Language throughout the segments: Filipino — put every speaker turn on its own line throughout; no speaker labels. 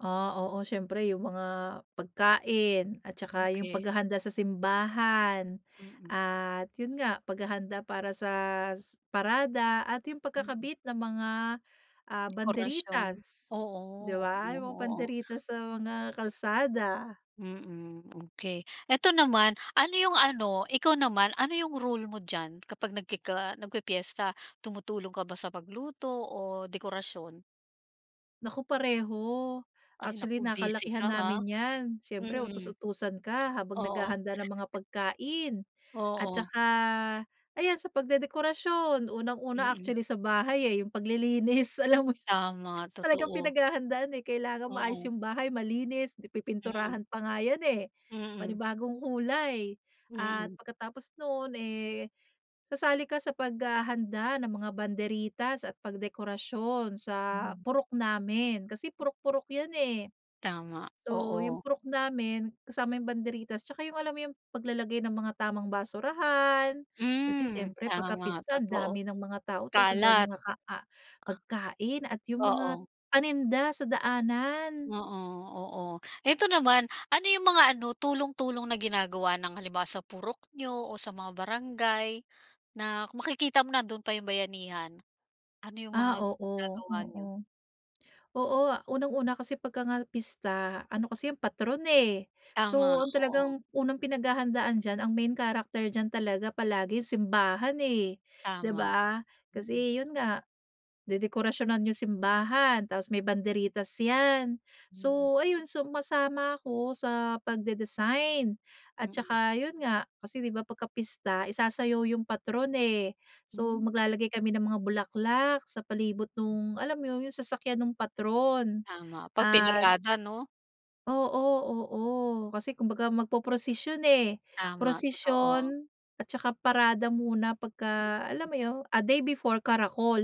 Ah, oo, siyempre yung mga, pagkain, at saka yung
Okey.
paghahanda sa simbahan,
Mm.
at 'yon nga, paghahanda para sa parada, at yung
Mm.
pagkakabit ng mga, ah,
Dekorasyon,
banderitas, 'di
oo,
ba,
hmm,
yung mga
oo.
banderitas sa mga kalsada.
Mm, okey. Ito naman, ano yung ano, ikaw naman, ano yung role mo diyan, kapag nagkiki ah, nagpipiyesta, tumutulong ka ba sa pagluto o dekorasyon?
Naku pareho,
Ay, naku
actually,
busy
nakalakihan
ka ha,
namin yan. Siyempre
mm.
utus-utusan ka habang
Oo.
naghahanda ng mga pagkain. At
Oo.
saka, ayan, sa pagdedekorasyon, unang-una
Mm.
actually sa bahay eh, yung paglilinis, alam mo yu
Tama,
talagang
totoo.
pinaghahandaan eh, kailangan maayos
Oo.
yung bahay, malinis,
Mm.
pi-pipinturahan pa nga yan, eh.
Mm.
Panibagong kulay, at
Mm.
pagkatapos no'n, eh, sasali ka sa paghahanda ng mga banderitas, at pagdekorasyon sa
Hmm.
purok namin. Kasi, purok-purok yan eh.
Tama,
So, yung
oo.
purok namin, kasama yung banderitas, tsaka yung, alam mo yung, paglalagay ng mga tamang basurahan, kasi
Hmm,
siyempre pagka
tama,
pista ang
totoo.
dami ng mga tao, tas ang
Kalat.
daming mga ka ah, pagkain, at yung mga
Oo.
paninda sa daanan.
Oo, oo. Ito naman, ano yung mga ano, tulong-tulong na ginagawa ng halimbawa sa purok niyo, o sa mga barangay, na makikita mo nando'n pa yung bayanihan? Ano yung
Ah,
mga
oo,
ginagawa niyo?
oo. Oo, unang-una kasi pagka nga pista, ano kasi 'yon patron eh.
Tama,
So, ang
oo.
talagang unang pinaghahandaan diyan, ang main character diyan talaga palagi simbahan eh, 'di
Tama,
ba?
mm.
Kasi, yun nga, dedekorasyonan yung simbahan, tapos may banderitas yan.
Mm.
So, ayun, sumasama ako sa pagde-design at
Mm.
taka, 'yon nga, kasi 'di ba, pagkapista isasayaw yung patron eh. So,
Hmm.
maglalagay kami ng mga bulaklak, sa palibot no'ng, alam mo 'yon, yung sasakyan no'ng patron
Tama, 'pag
at
pinarada 'no.
Oo, oo, kasi kumbaga, magpoprosisyon eh,
Tama, totoo.
prosisyon at saka parada muna pagka, alam
Mm.
mo 'yon, a day before, karakol,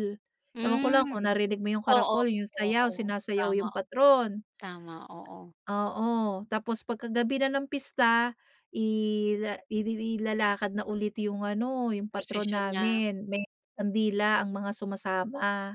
ewan ko lang kung
Hmm.
narinig mo yung
Oo,
karakol, yung sayaw,
oo.
sinasayaw
Tama,
yung patron.
tama, oo.
Oo, tapos pagka gabi na ng pista, ila ilili ilalakad na ulit yung ano, yung patron
Prosisyon na.
namin, may kandila ang mga sumasama.